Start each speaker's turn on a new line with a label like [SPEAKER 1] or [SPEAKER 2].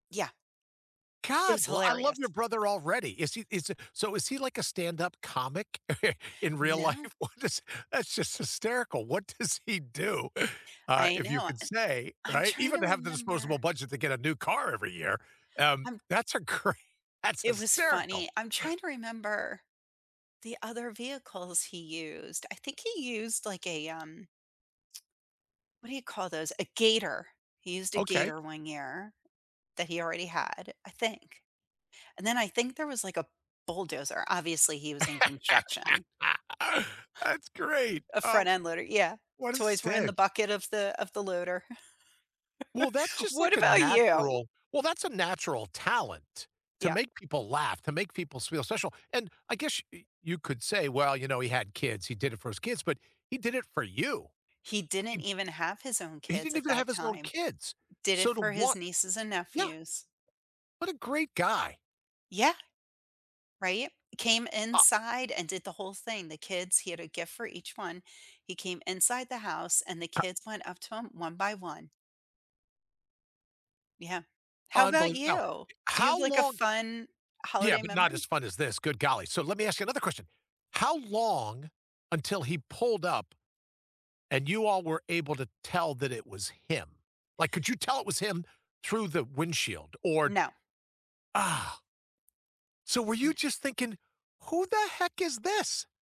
[SPEAKER 1] Yeah. It was
[SPEAKER 2] God, l I love your
[SPEAKER 1] hilarious.
[SPEAKER 2] brother already. Is he is he so is he like a stand-up comic in real
[SPEAKER 1] No.
[SPEAKER 2] life? What is, that's just hysterical. What does he do? Uh,
[SPEAKER 1] I
[SPEAKER 2] if you
[SPEAKER 1] know
[SPEAKER 2] could
[SPEAKER 1] an
[SPEAKER 2] say,
[SPEAKER 1] I'm
[SPEAKER 2] right?
[SPEAKER 1] trying
[SPEAKER 2] Even
[SPEAKER 1] to
[SPEAKER 2] to have the disposable
[SPEAKER 1] remember.
[SPEAKER 2] budget to get a new car every year, um,
[SPEAKER 1] I'm
[SPEAKER 2] that's a great that's
[SPEAKER 1] It was
[SPEAKER 2] hysterical.
[SPEAKER 1] funny. I'm trying to remember the other vehicles he used. I think he used like a, um What do you call those? A Gator. He used a
[SPEAKER 2] Okay.
[SPEAKER 1] Gator one year that he already had, I think. And then I think there was like a bulldozer. Obviously, he was in construction.
[SPEAKER 2] That's great.
[SPEAKER 1] A
[SPEAKER 2] Oh,
[SPEAKER 1] front-end loader, yeah.
[SPEAKER 2] what a
[SPEAKER 1] Toys were in the
[SPEAKER 2] stick.
[SPEAKER 1] bucket of the of the loader.
[SPEAKER 2] Well, that's just
[SPEAKER 1] What
[SPEAKER 2] like a
[SPEAKER 1] about you?
[SPEAKER 2] natural well, that's a natural talent to
[SPEAKER 1] Yeah.
[SPEAKER 2] make people laugh, to make people feel special and I guess y you could say, well, you know, he had kids, he did it for his kids, but he did it for you.
[SPEAKER 1] He
[SPEAKER 2] He
[SPEAKER 1] didn't even have his own
[SPEAKER 2] he
[SPEAKER 1] kids
[SPEAKER 2] didn't
[SPEAKER 1] at
[SPEAKER 2] even have
[SPEAKER 1] that
[SPEAKER 2] his own
[SPEAKER 1] time.
[SPEAKER 2] kids,
[SPEAKER 1] Did it
[SPEAKER 2] so to
[SPEAKER 1] for his
[SPEAKER 2] want
[SPEAKER 1] nieces and
[SPEAKER 2] yeah.
[SPEAKER 1] nephews.
[SPEAKER 2] What a great guy.
[SPEAKER 1] Yeah. Right. Came
[SPEAKER 2] Uh
[SPEAKER 1] inside and did the whole thing. The kids he had a gift for each one. He came inside the house and the
[SPEAKER 2] Uh
[SPEAKER 1] kids went up to him 1 by 1. Yeah. How about
[SPEAKER 2] Unbelievable now,
[SPEAKER 1] you? Do you have
[SPEAKER 2] how
[SPEAKER 1] like a
[SPEAKER 2] long
[SPEAKER 1] fun
[SPEAKER 2] yeah,
[SPEAKER 1] holiday
[SPEAKER 2] but not as
[SPEAKER 1] memory?
[SPEAKER 2] fun as this. Good golly. So let me ask you another question. How long until he pulled up? And you all were able to tell that it was him. Like, could you tell it was him through the windshield, or
[SPEAKER 1] No.
[SPEAKER 2] ah So, were you
[SPEAKER 1] No.
[SPEAKER 2] just thinking, "Who the heck is this?"